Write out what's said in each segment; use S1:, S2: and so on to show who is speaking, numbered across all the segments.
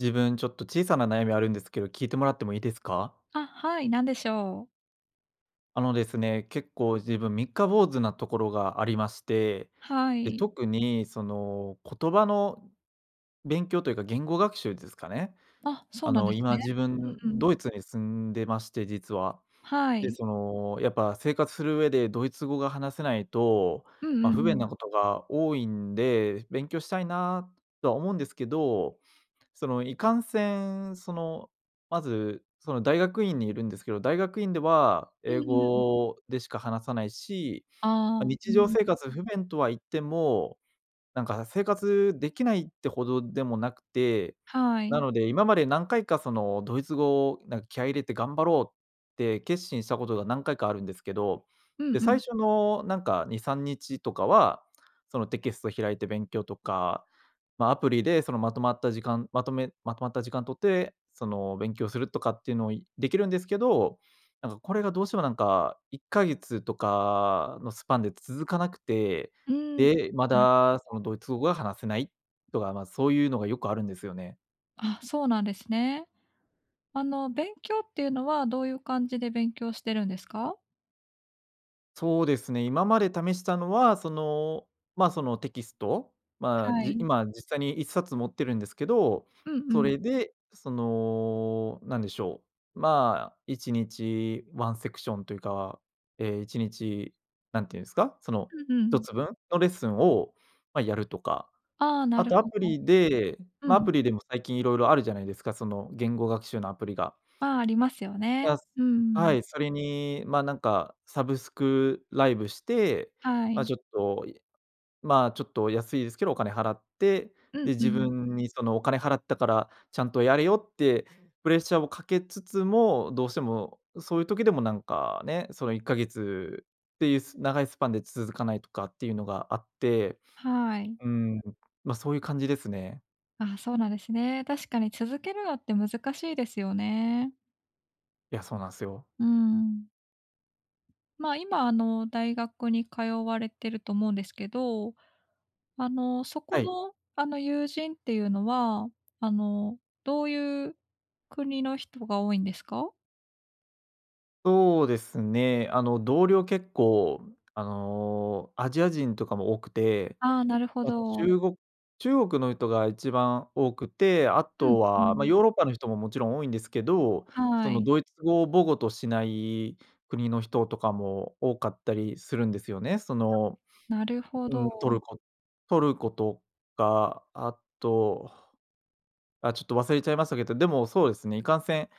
S1: 自分、ちょっと小さな悩みあるんですけど聞いてもらってもいいですか？
S2: あ、はい、何でしょう。
S1: あのですね、結構自分三日坊主なところがありまして、
S2: は
S1: で、
S2: い。
S1: 特にその言葉の勉強というか言語学習ですかね、
S2: あ、そう
S1: あ
S2: なん
S1: の
S2: です
S1: 今
S2: ね。
S1: 自分
S2: うんうん。
S1: ドイツに住んでまして、実は。
S2: は
S1: で、
S2: い。
S1: そのやっぱ生活する上でドイツ語が話せないと、
S2: うんう
S1: ま、
S2: ん
S1: 不
S2: う
S1: 便な
S2: ん。
S1: ことが多いんで、勉強したいなとは思うんですけど、そのいかんせん、その、まず、その大学院にいるんですけど、大学院では
S2: う
S1: 英
S2: んうん、うん。
S1: 語でしか話さないし、ま、
S2: ああ。う
S1: 日常
S2: ん。
S1: 生活不便とはいっても、なんか生活できないってほどでもなくて、
S2: は
S1: な
S2: い。
S1: ので、今まで何回かそのドイツ語をなん気合入れて頑張ろうって決心したことが何回かあるんですけど、
S2: うん
S1: で、
S2: う
S1: 最
S2: ん。
S1: 初のなんか2、3日とかは、そのテキスト開いて勉強とか、ま、アプリでそのまとまった時間、まとめまとまった時間とって、その勉強するとかっていうのをできるんですけど、なんかこれがどうしてもなんか1か月とかのスパンで続かなくて、
S2: うーん。うん。
S1: で、まだそ
S2: [unintelligible]
S1: のドイツ語が話せないとか、ま、そういうのがよくあるんですよね。
S2: あ、そうなんですね。あの勉強っていうのはどういう感じで勉強してるんですか？
S1: そうですね、今まで試したのは、その、ま、そのテキスト、まあ、
S2: は
S1: じ
S2: い。
S1: 今実際に1冊持ってるんですけど、
S2: うん
S1: そ
S2: うん。
S1: れでそのなんでしょう、まあ、1日ワンセクションというか、ええ、1日なんていうんですか、その、
S2: うんう
S1: ひと
S2: ん。
S1: つぶんのレッスンをまあやるとか、
S2: ああ、な
S1: あ
S2: る
S1: とア
S2: ほど。
S1: プリで
S2: う
S1: ア
S2: ん。
S1: プリでも最近いろいろあるじゃないですか、その言語学習のアプリが。
S2: ああ、ありますよね。
S1: だす
S2: うんう
S1: は
S2: ん。
S1: い、それに、まなんかサブスクライブして、
S2: は
S1: ま
S2: い。
S1: ちょっと、まあちょっと安いですけど、お金払って、
S2: う
S1: で
S2: んう
S1: 自
S2: ん。
S1: 分にそのお金払ったから、ちゃんとやれよってプレッシャーをかけつつも、どうしてもそういう時でもなんかね、その1か月っていう長いスパンで続かないとかっていうのがあって、
S2: はい。
S1: うーん、まそういう感じですね。
S2: ああ、そうなんですね。確かに続けるのって難しいですよね。
S1: いや、そうなんすよ。
S2: うーん。ま、今あの、大学に通われてると思うんですけど、あの、そこ
S1: はい。
S2: のあの友人っていうのは、あの、どういう国の人が多いんですか？
S1: そうですね、あの同僚結構あの、アジア人とかも多くて、
S2: ああ、なるほ
S1: あ、
S2: ど。
S1: 中国中国の人が一番多くて、あ
S2: うん。
S1: と
S2: ふー
S1: はま、
S2: ん。
S1: ヨーロッパの人ももちろん多いんですけど、
S2: は
S1: その
S2: い。
S1: ドイツ語を母語としない国の人とかも多かったりするんですよね。その、
S2: なるほ
S1: うん、ト
S2: ど。
S1: ルコトルコとか、あと、あ、ちょっと忘れちゃいましたけど、でもそうですね、いかんせん、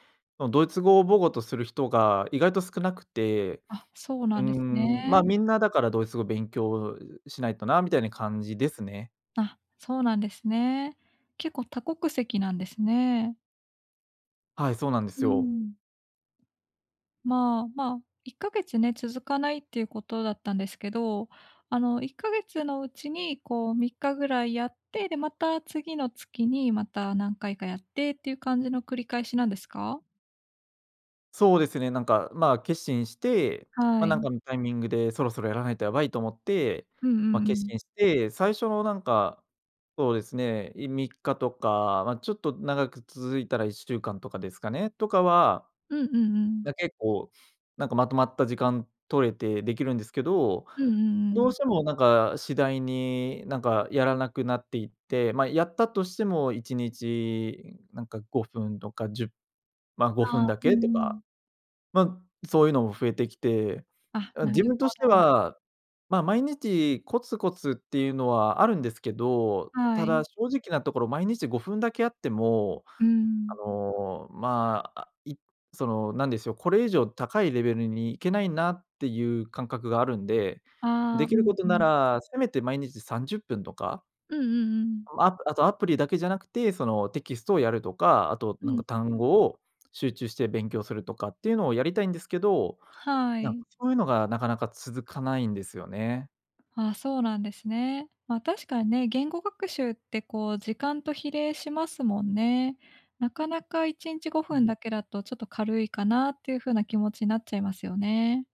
S1: ドイツ語を母語とする人が意外と少なくて、
S2: あ、そう
S1: うー
S2: なんです
S1: ん、ま、
S2: ね。
S1: みんなだからドイツ語を勉強しないとなみたいな感じですね。
S2: あ、そうなんですね。結構多国籍なんですね。
S1: はい、そうなんで
S2: う
S1: す
S2: ー
S1: よ。
S2: ん。まあ、ま、1か月ね、続かないっていうことだったんですけど、あの、1か月のうちにこう3日ぐらいやって、でまた次の月にまた、何回かやってっていう感じの繰り返しなんですか？
S1: そうですね、なんかまあ、決心して、
S2: は
S1: まあ、なん
S2: い。
S1: かのタイミングでそろそろやらないとやばいと思って、
S2: うんう
S1: ま、
S2: んう
S1: 決
S2: ん。
S1: 心して、最初のなんか、そうですね、い3日とか、ま、ちょっと長く続いたら1週間とかですかね、とかは、
S2: うんうんうん。
S1: ま、結構なんかまとまった時間取れてできるんですけど、
S2: うんうんう
S1: どう
S2: ん。
S1: してもなんか次第に、なんかやらなくなっていって、ま、やったとしても1日、なんか5分とか、10、ま、ご
S2: あ
S1: ふ
S2: あ、
S1: んだ
S2: う
S1: けと
S2: んう
S1: か、
S2: ん。
S1: ま、そういうのも増えてきて、
S2: あ、
S1: あ、
S2: な
S1: 自
S2: る
S1: 分として
S2: ほど。
S1: は、まあ毎日コツコツっていうのはあるんですけど、
S2: は
S1: ただ
S2: い。
S1: 正直なところ毎日5分だけあっても、
S2: うー
S1: あ
S2: ん。
S1: の、まあ、いその、なんでしょう、これ以上高いレベルに行けないなっていう感覚があるんで、で
S2: ああ、
S1: き
S2: う
S1: る
S2: ん
S1: こと
S2: う
S1: な
S2: ん。
S1: ら、せめて毎日30分とか
S2: うんうんうん。
S1: ま、あとアプリだけじゃなくて、その、テキストをやるとか、あと
S2: う
S1: なん
S2: ん、ん。
S1: か単語を集中して勉強するとかっていうのをやりたいんですけど、
S2: は
S1: なん
S2: い。
S1: そういうのがなかなか続かないんですよね。
S2: ああ、そうなんですね。まあ確かにね、言語学習ってこう時間と比例しますもんね。なかなかいちにちご
S1: う
S2: ふん
S1: ん。
S2: だけだとちょっと軽いかなっていうふうな気持ちになっちゃいますよね。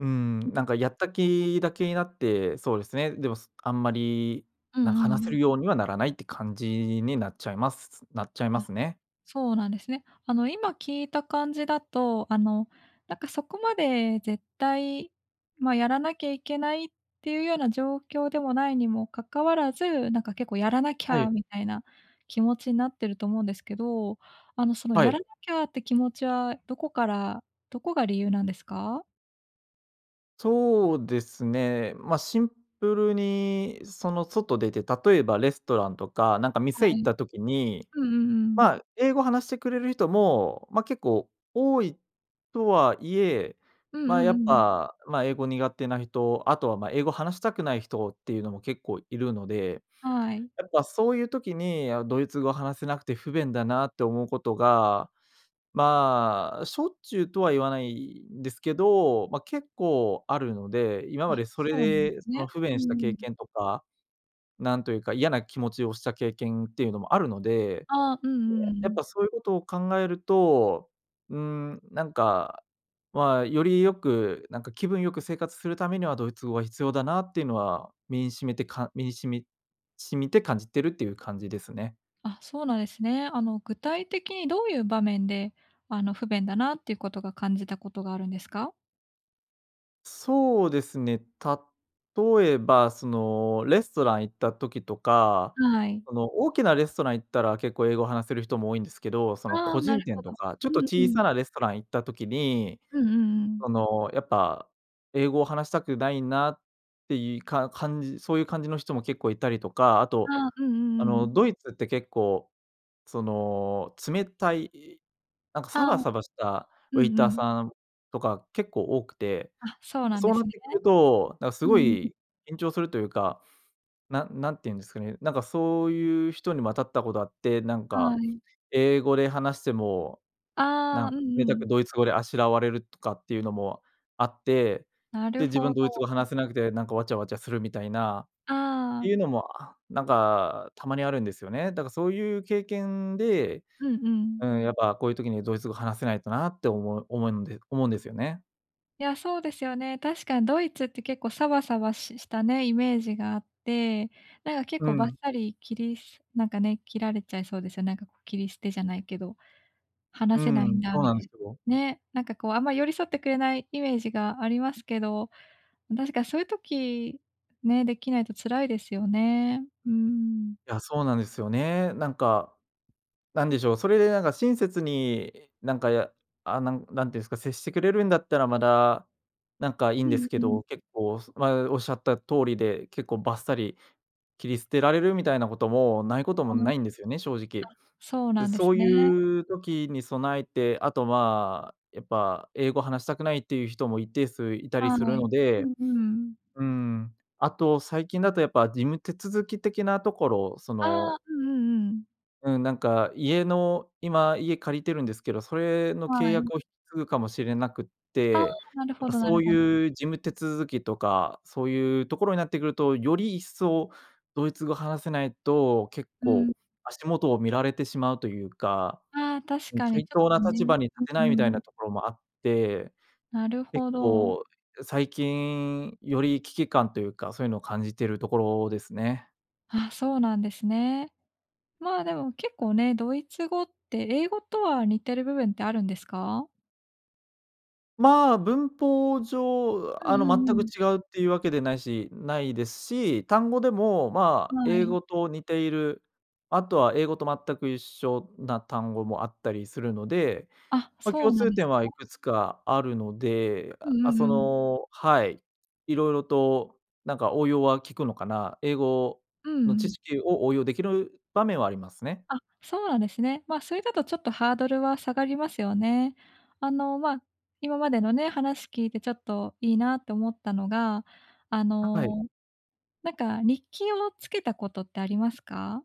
S1: うー
S2: うん。
S1: ん、なんかやった気だけになって、そうですね、でも、すあんまり
S2: う
S1: なんか
S2: んう
S1: 話せ
S2: ん。
S1: るようにはならないって感じになっちゃいますなっちゃいま
S2: あ、
S1: すね。
S2: そうなんですね。あの今聞いた感じだと、あの、なんかそこまで絶対、ま、やらなきゃいけないっていうような状況でもないにも関わらず、なんか結構「やらなき
S1: は
S2: ゃ」
S1: い。
S2: みたいな気持ちになってると思うんですけど、あのその
S1: は
S2: 「やら
S1: い。
S2: なきゃ」って気持ちはどこから、どこが理由なんですか？
S1: そうですね、ま、シンプルに、その、外出て、例えばレストランとかなんか
S2: は
S1: 店行っ
S2: い。
S1: た時に、
S2: うんうんうん。
S1: まあ英語話してくれる人も、ま、結構多いとはいえ、
S2: うんう
S1: まあや
S2: んう
S1: っ
S2: んうん。
S1: ぱ、まあ英語苦手な人、あとはまあ英語話したくない人っていうのも結構いるので、
S2: はい。
S1: やっぱそういう時に、「あ、ドイツ語話せなくて不便だな」って思うことが、まあしょっちゅうとは言わないんですけど、まあ結構あるので、今ま
S2: あ、
S1: でそれ
S2: そうなんで
S1: で
S2: す
S1: その
S2: ね。
S1: 不
S2: う
S1: 便
S2: ー
S1: した経
S2: ん。
S1: 験とか、なんというか嫌な気持ちをした経験っていうのもあるので、
S2: ああ、うんうんう
S1: やっ
S2: ん。
S1: ぱそういうことを考えると、うーんなんか、まあより良く、なんか気分良く生活するためにはドイツ語が必要だなっていうのは身に沁みてか身に沁み沁みて感じてるっていう感じですね。
S2: あ、そうなんですね。あの具体的にどういう場面で、あの、不便だなっていうことが感じたことがあるんですか？
S1: そうですね。例えばその、レストラン行った時とか
S2: はい。
S1: その、大きなレストラン行ったら結構英語を話せる人も多いんですけど、その、
S2: あ
S1: 個
S2: あ、な
S1: 人
S2: るほ
S1: 店
S2: ど。
S1: とか、ちょっ
S2: う
S1: と
S2: んう
S1: 小
S2: ん。
S1: さなレストラン行った時に、
S2: うんうんうん。
S1: その、やっぱ、英語を話したくないなっていか感じそういう感じの人も結構いたりとか。あと、
S2: ああ、うんう
S1: あ
S2: んう
S1: の
S2: ん。
S1: ドイツって結構、その、冷たい、なんか
S2: あ
S1: サ
S2: あ。
S1: バサバした
S2: う
S1: ウェイ
S2: んう
S1: ター
S2: ん。
S1: さんとか結構多くて、
S2: あ、そうなんで
S1: そうな
S2: す
S1: っ
S2: ね。
S1: てくると、な、す
S2: う
S1: ご
S2: ーん。
S1: い緊張するというか、なんなんて言うんですかね、なんかそういう人にも当たったことあって、なん
S2: は
S1: か、
S2: い。
S1: 英語で話しても、な
S2: あ
S1: ん
S2: あ、うん
S1: 冷
S2: う
S1: たく
S2: ん。
S1: ドイツ語であしらわれるとかっていうのもあって。
S2: な
S1: で、
S2: る
S1: 自
S2: ほ
S1: 分
S2: ど。
S1: ドイツ語話せなくてなんか、わちゃわちゃするみたいな、っ
S2: あ
S1: て
S2: あ。
S1: いうのもあなんかたまにあるんですよね。だからそういう経験で、
S2: うんう
S1: う
S2: ん。
S1: ん、「やっぱこういう時にドイツ語話せないとな」って思う思うんで思うんですよね。
S2: いや、そうですよね。確かにドイツって結構サバサバししたね、イメージがあって、なんか結
S1: う
S2: 構バッ
S1: ん。
S2: サリ切りすなんかね、切られちゃいそうです、なんかこう切り捨てじゃないけど、
S1: う
S2: 話せないん
S1: ん、
S2: だ
S1: そう
S2: み
S1: なんで
S2: た
S1: す
S2: い…
S1: よ。
S2: ね、なんかこうあんまり寄り添ってくれないイメージがありますけど。確かそういう時ね、できないと辛いですよね、うーん。
S1: いや、そうなんですよね。なんか、なんでしょう、それでなんか親切になんかやあ、なんなんていうんすか、接してくれるんだったら、まだなんかいい
S2: う
S1: んです
S2: ん
S1: け
S2: うん。
S1: ど、結構、まあ、おっしゃった通りで、結構バッサリ切り捨てられる、みたいなこともないことも
S2: あん。あ、
S1: ないんですよね、正直。
S2: そう
S1: で、
S2: なんです
S1: そう
S2: ね。
S1: いう時に備えて、あとまあ、やっぱ英語話したくないっていう人も一定数いたり
S2: は
S1: するの
S2: い。う
S1: で、
S2: んうん。
S1: うーん。あと最近だとやっぱ事務手続き的なところ、そ
S2: あ
S1: の
S2: あ、うんうんうん。
S1: うん、なんか家の、今家借りてるんですけど、それの契
S2: はい。
S1: 約を引き継ぐかもしれなくっ
S2: あ、
S1: て、
S2: なる
S1: なん
S2: ほ
S1: か
S2: どな
S1: そ
S2: る
S1: う
S2: ほど。
S1: いう事務手続きとか、そういうところになってくると、より一層ドイツ語話せないと、結
S2: うん。
S1: 構足元を見られてしまうというか、
S2: ああ、確
S1: うん
S2: かに
S1: 対
S2: ちょっ
S1: 等な
S2: とね。
S1: 立場に立
S2: うん
S1: てないみたい
S2: うん。
S1: なところもあって、
S2: なる
S1: 結
S2: ほど。
S1: 構、え最近、より危機感というか、そういうのを感じてるところですね。
S2: あ、そうなんですね。まあでも結構ね、ドイツ語って英語とは似てる部分ってあるんですか？
S1: まあ、文法上
S2: う
S1: あ
S2: ん
S1: の
S2: うんう
S1: 全
S2: ん
S1: く
S2: うん。
S1: 違うっていうわけでないしないですし、単語でもまあ
S2: は
S1: 英
S2: い。
S1: 語と似ている、あとは英語と全く一緒な単語もあったりするので、
S2: あ、
S1: ま、
S2: そう
S1: 共
S2: なん
S1: 通
S2: です
S1: 点は
S2: ね。
S1: いくつかあるので、
S2: うん
S1: あ、
S2: う
S1: そ
S2: んうん。
S1: のはい、色々となんか応用は効くのかな。英語
S2: うん
S1: の知
S2: うん。
S1: 識を応用できる場面はありますね。
S2: あ、そうなんですね。ま、それだとちょっとハードルは下がりますよね。あの、ま、今までのね、話聞いてちょっといいなって思ったのが、あ
S1: ははい。
S2: の、なんか日記をつけたことってありますか？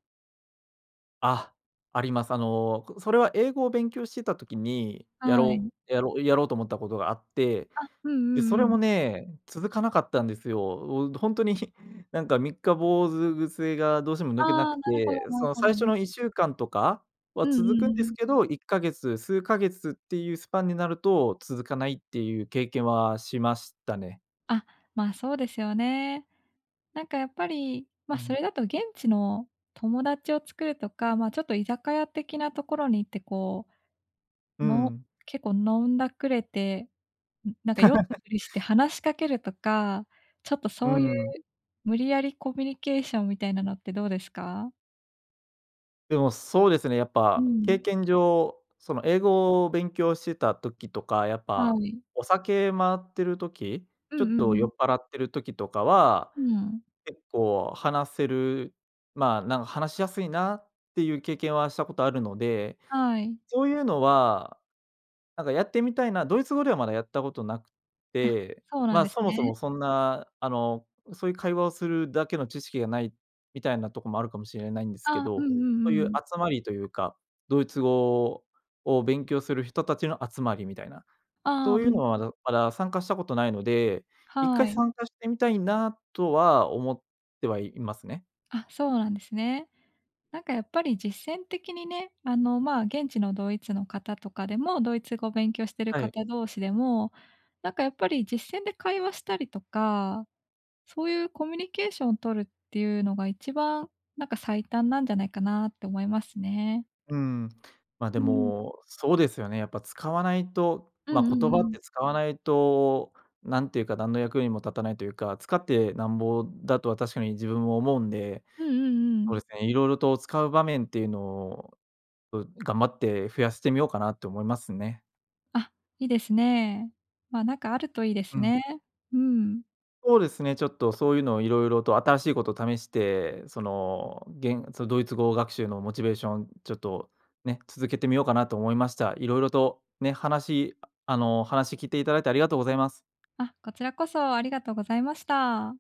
S1: あ、あります。あの、それは英語を勉強してた時に、や
S2: は
S1: ろ
S2: い。
S1: うやろうやろうと思ったことがあって、
S2: あ、うん
S1: で、そ
S2: う
S1: れ
S2: んう
S1: も
S2: ん。
S1: ね、続かなかったんですよ。うほんとに、ひなんか三日坊主癖がどうしても
S2: あ
S1: 抜けなく
S2: あ、なるほど
S1: て、
S2: な
S1: そ
S2: る
S1: の
S2: ほ
S1: 最初
S2: ど。
S1: の1週間とかは
S2: うんうん
S1: 続くんです
S2: うん。
S1: けど、1か月、数ヶ月っていうスパンになると続かないっていう経験はしましたね。
S2: あ、まあ、そうですよね。なんかやっぱり、ま、
S1: う
S2: そ
S1: ん。
S2: れだと現地の友達を作るとか、ま、ちょっと居酒屋的なところに行ってこ
S1: う
S2: う、の
S1: ん。
S2: 結構飲んだくれて、なんか酔った ふりして話しかけるとか、ちょっと
S1: う
S2: そういう
S1: ん。
S2: 無理やりコミュニケーションみたいなのってどうですか？
S1: でも、そうですね。やっ
S2: う
S1: ぱ経
S2: ん。
S1: 験上、その、英語を勉強してた時とか、やっ
S2: は
S1: ぱ
S2: い。
S1: お酒回ってる時、
S2: う
S1: ちょ
S2: ん
S1: っ
S2: う
S1: と
S2: んう
S1: 酔
S2: ん。
S1: っぱらってる時とかは、
S2: うん。
S1: 結構話せる、ま、なん話しやすいなっていう経験はしたことあるので、
S2: はい。
S1: そういうのは、なんかやってみたいな、ドイツ語ではまだやったことなく
S2: あ、
S1: て、
S2: そうなん
S1: ま、
S2: です
S1: そもそ
S2: ね。
S1: もそんな、あの、そういう会話をするだけの知識がないみたいなとこもあるかもしれないんですけ
S2: あ、うん
S1: ど、
S2: う
S1: そうい
S2: んう
S1: う
S2: ん。
S1: 集まりというか、ドイツ語を勉強する人たちの集まりみたいな、
S2: ああ、
S1: そ
S2: う
S1: ういう
S2: ん。
S1: のはどまだ参加したことないので、一
S2: は
S1: 回
S2: い。
S1: 参加してみたいなとは思ってはいますね。
S2: あ、そうなんですね。なんかやっぱり実践的にね、あの、ま、現地のドイツの方とかでも、ドイツ語を勉強してる
S1: はい。
S2: 方同士でも、なんかやっぱり実践で会話したりとか、そういうコミュニケーションを取るっていうのが一番なんか最短なんじゃないかなって思いますね。
S1: うーん、ま、で
S2: うん。
S1: もそうですよね。やっぱ使わないと、
S2: うん
S1: ま、
S2: う
S1: 言
S2: ん
S1: 葉
S2: う
S1: っ
S2: ん。
S1: て使わないと、なんていうか何の役にも立たないというか、使ってなんぼだとは確かに自分も思うんで、
S2: うんうんう
S1: そうで
S2: ん。
S1: すね、色々と使う場面っていうのを、う頑張って増やしてみようかなと思いますね。
S2: あ、いいですね。ま、なんかあるといいで
S1: う
S2: す
S1: ん。
S2: ね。うん。
S1: そうですね、ちょっとそういうのを色々と新しいことを試して、その、げんそドイツ語学習のモチベーションちょっとね、続けてみようかなと思いました。色々とね、話、あの、話聞いていただいてありがとうございます。
S2: あ、こちらこそありがとうございました。